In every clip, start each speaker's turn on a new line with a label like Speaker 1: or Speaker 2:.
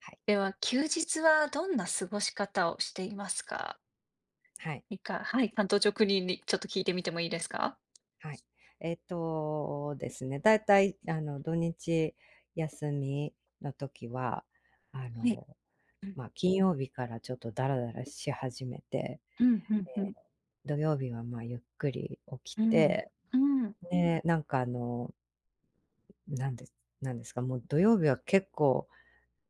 Speaker 1: はい。
Speaker 2: では休日はどんな過ごし方をしていますか？
Speaker 1: はい。
Speaker 2: 日課、はい、単刀直入にちょっと聞いてみてもいいですか？
Speaker 1: はい、えっと、ですね、大体あの、土日休みの時は、あ
Speaker 2: ふん、
Speaker 1: の、
Speaker 2: うん。
Speaker 1: まあ、金曜日からちょっとだらだらし始めて、
Speaker 2: うんうんう
Speaker 1: で、
Speaker 2: ん。
Speaker 1: 土曜日はまあ、ゆっくり起き
Speaker 2: うん
Speaker 1: て、
Speaker 2: うん。
Speaker 1: で、なんかあのなんでなんですか、もう土曜日は結構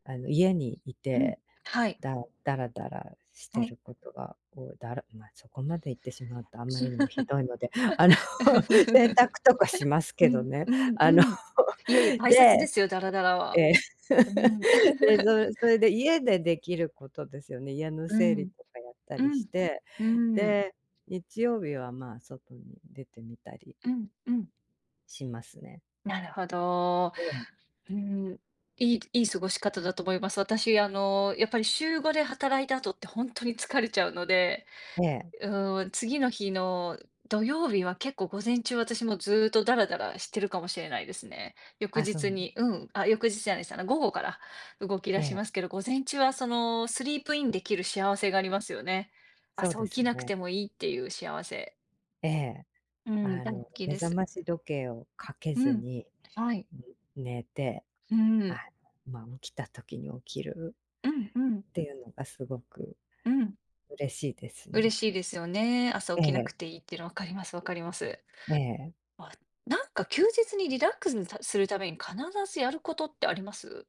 Speaker 1: あの、家にい
Speaker 2: うん、
Speaker 1: て、
Speaker 2: はい。
Speaker 1: だだらだらし
Speaker 2: は
Speaker 1: て
Speaker 2: い。
Speaker 1: ることが、こう、だらまあ、そこまで言ってしまうとあまりにもひどいので、あの、洗 濯とかします
Speaker 2: う
Speaker 1: けど
Speaker 2: ん
Speaker 1: ね、
Speaker 2: うん
Speaker 1: あ
Speaker 2: う
Speaker 1: の、
Speaker 2: ん。いえいえ、大切で
Speaker 1: で、
Speaker 2: すよ、だらだら
Speaker 1: え
Speaker 2: は。
Speaker 1: え、
Speaker 2: うん。
Speaker 1: で、そそれで家でできることですよね、家の
Speaker 2: う
Speaker 1: 整理
Speaker 2: ん、
Speaker 1: とかやった
Speaker 2: う
Speaker 1: りし
Speaker 2: ん、
Speaker 1: て、
Speaker 2: うん。
Speaker 1: で、日曜日はまあ、外に出てみたり
Speaker 2: うんうん。
Speaker 1: しますね。
Speaker 2: なるほど。
Speaker 1: ええ。
Speaker 2: うーん、いいいい過ごし方だと思います。私あの、やっぱり週5で働いた後って本当に疲れちゃうので、
Speaker 1: ええ。
Speaker 2: うーん、次の日の土曜日は結構午前中は私もずっとダラダラしてるかもしれないですね。翌
Speaker 1: あ、そうな
Speaker 2: 日
Speaker 1: んだ。
Speaker 2: にうん、あ、翌日じゃないす、午後から動き
Speaker 1: え
Speaker 2: 出し
Speaker 1: え。
Speaker 2: ますけど、午前中はその、スリープインできる幸せがありますよね。
Speaker 1: そう
Speaker 2: 朝
Speaker 1: で
Speaker 2: 起
Speaker 1: す
Speaker 2: きなくて
Speaker 1: ね。
Speaker 2: もいいっていう幸せ。
Speaker 1: ええ、
Speaker 2: うん、
Speaker 1: あ
Speaker 2: 大好
Speaker 1: の
Speaker 2: き
Speaker 1: 目
Speaker 2: で
Speaker 1: 覚
Speaker 2: す。
Speaker 1: まし時計をかけ
Speaker 2: う
Speaker 1: ず
Speaker 2: ん、
Speaker 1: に
Speaker 2: はい。
Speaker 1: 寝て、
Speaker 2: うん。
Speaker 1: あ、ま、起きた時に起きる
Speaker 2: うんうん。
Speaker 1: っていうのがすごく、
Speaker 2: うん。
Speaker 1: 嬉しいです
Speaker 2: 嬉
Speaker 1: ね。
Speaker 2: しいですよね。朝
Speaker 1: え
Speaker 2: 起きなく
Speaker 1: え。
Speaker 2: ていいっていうのわかりますわかります。
Speaker 1: ええ。
Speaker 2: あ、なんか休日にリラックスするために必ずやることってあります？